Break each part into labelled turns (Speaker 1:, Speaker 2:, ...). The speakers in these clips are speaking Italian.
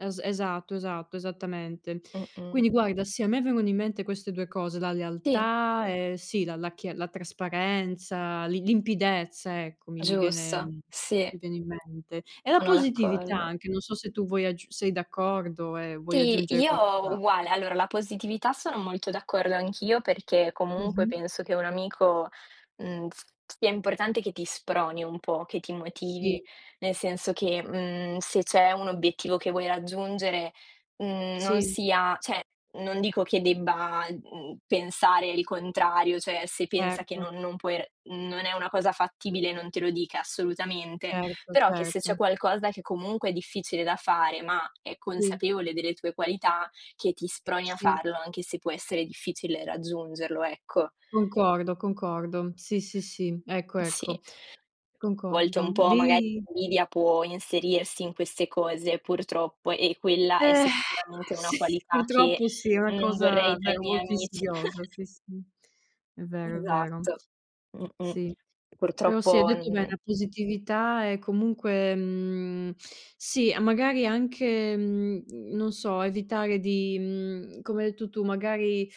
Speaker 1: Es-esatto, esatto, esattamente.
Speaker 2: Mh-mh.
Speaker 1: Quindi guarda sì, a me vengono in mente queste 2 cose, la
Speaker 2: Sì.
Speaker 1: lealtà e sì, la la chi la trasparenza, lim limpidezza ecco, mi mi viene
Speaker 2: Giusto.
Speaker 1: mi
Speaker 2: Sì.
Speaker 1: viene in mente. E la
Speaker 2: Sono
Speaker 1: positività
Speaker 2: d'accordo.
Speaker 1: anche, non so se tu vuoi aggiu sei d'accordo e vuoi
Speaker 2: Sì,
Speaker 1: aggiungere
Speaker 2: io
Speaker 1: qualcos'al
Speaker 2: uguale. Allora, la positività sono molto d'accordo anch'io, perché comunque
Speaker 1: Mh-mh.
Speaker 2: penso che un amico mhmm, s sia importante che ti sproni un po', che ti motivi.
Speaker 1: Sì.
Speaker 2: Nel senso che, mhmm, se c'è un obiettivo che vuoi raggiungere, mhmm, non
Speaker 1: Sì.
Speaker 2: sia cioè non dico che debba, mhmm, pensare il contrario, cioè se pensa che
Speaker 1: Certo.
Speaker 2: non non puoi non è una cosa fattibile, non te lo dica assolutamente,
Speaker 1: Certo,
Speaker 2: però che se c'è
Speaker 1: certo.
Speaker 2: qualcosa che comunque è difficile da fare, ma è
Speaker 1: Sì.
Speaker 2: consapevole delle tue qualità, che ti sproni a
Speaker 1: Sì.
Speaker 2: farlo anche se può essere difficile raggiungerlo, ecco.
Speaker 1: Concordo, concordo. Sì, sì, sì. Ecco,
Speaker 2: Sì,
Speaker 1: ecco.
Speaker 2: a volte un
Speaker 1: Concordo
Speaker 2: po' magari
Speaker 1: lì
Speaker 2: l'invidia può inserirsi in queste cose purtroppo e quella è
Speaker 1: Eh
Speaker 2: sicuramente una
Speaker 1: s
Speaker 2: qualità che
Speaker 1: purtroppo sì, è una
Speaker 2: non
Speaker 1: cosa
Speaker 2: vorrei tra i
Speaker 1: davvero
Speaker 2: miei
Speaker 1: molto
Speaker 2: amici.
Speaker 1: insidiosa, sì, sì, è vero, è vero.
Speaker 2: Esatto. Mh-mh.
Speaker 1: Sì, però sì, hai
Speaker 2: Purtroppo
Speaker 1: detto bene,
Speaker 2: n
Speaker 1: la positività è comunque mhmm, sì, magari anche, mhmm, non so, evitare di, mhmm, come hai detto tu, magari,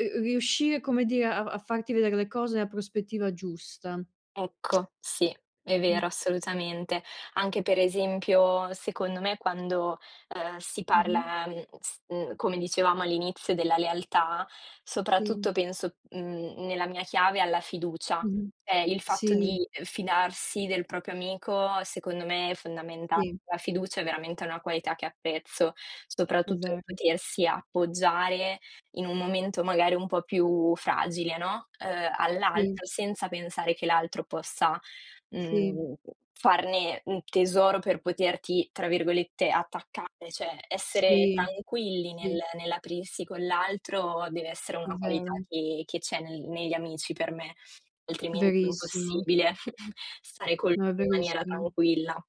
Speaker 1: uhm, uhm, riuscire come dire a a farti vedere le cose nella prospettiva giusta.
Speaker 2: Ecco, sì, è vero,
Speaker 1: Mh.
Speaker 2: assolutamente. Anche per esempio, secondo me, quando, ehm, si
Speaker 1: Mh-mh.
Speaker 2: parla, n s mhmm, come dicevamo all'inizio della lealtà, soprattutto
Speaker 1: Sì.
Speaker 2: penso, mhmm, n nella mia chiave alla fiducia.
Speaker 1: Mh-mh.
Speaker 2: Cioè il fatto
Speaker 1: Sì.
Speaker 2: di fidarsi del proprio amico secondo me è fondamentale.
Speaker 1: Sì.
Speaker 2: La fiducia è veramente una qualità che apprezzo,
Speaker 1: È
Speaker 2: soprattutto
Speaker 1: vero.
Speaker 2: potersi appoggiare in un momento magari un po' più fragile, no, ehm,
Speaker 1: Sì.
Speaker 2: all'altro senza pensare che l'altro possa,
Speaker 1: Sì.
Speaker 2: mhmm, farne, mhmm, tesoro per poterti tra virgolette "attaccare". Cioè essere
Speaker 1: Sì,
Speaker 2: tranquilli nel
Speaker 1: sì.
Speaker 2: nell'aprirsi con l'altro deve essere
Speaker 1: È
Speaker 2: una qualità
Speaker 1: vero.
Speaker 2: che che c'è nel negli amici per me, altrimenti è
Speaker 1: Verissimo.
Speaker 2: impossibile stare con lui
Speaker 1: No, è
Speaker 2: in maniera
Speaker 1: verissimo.
Speaker 2: tranquilla.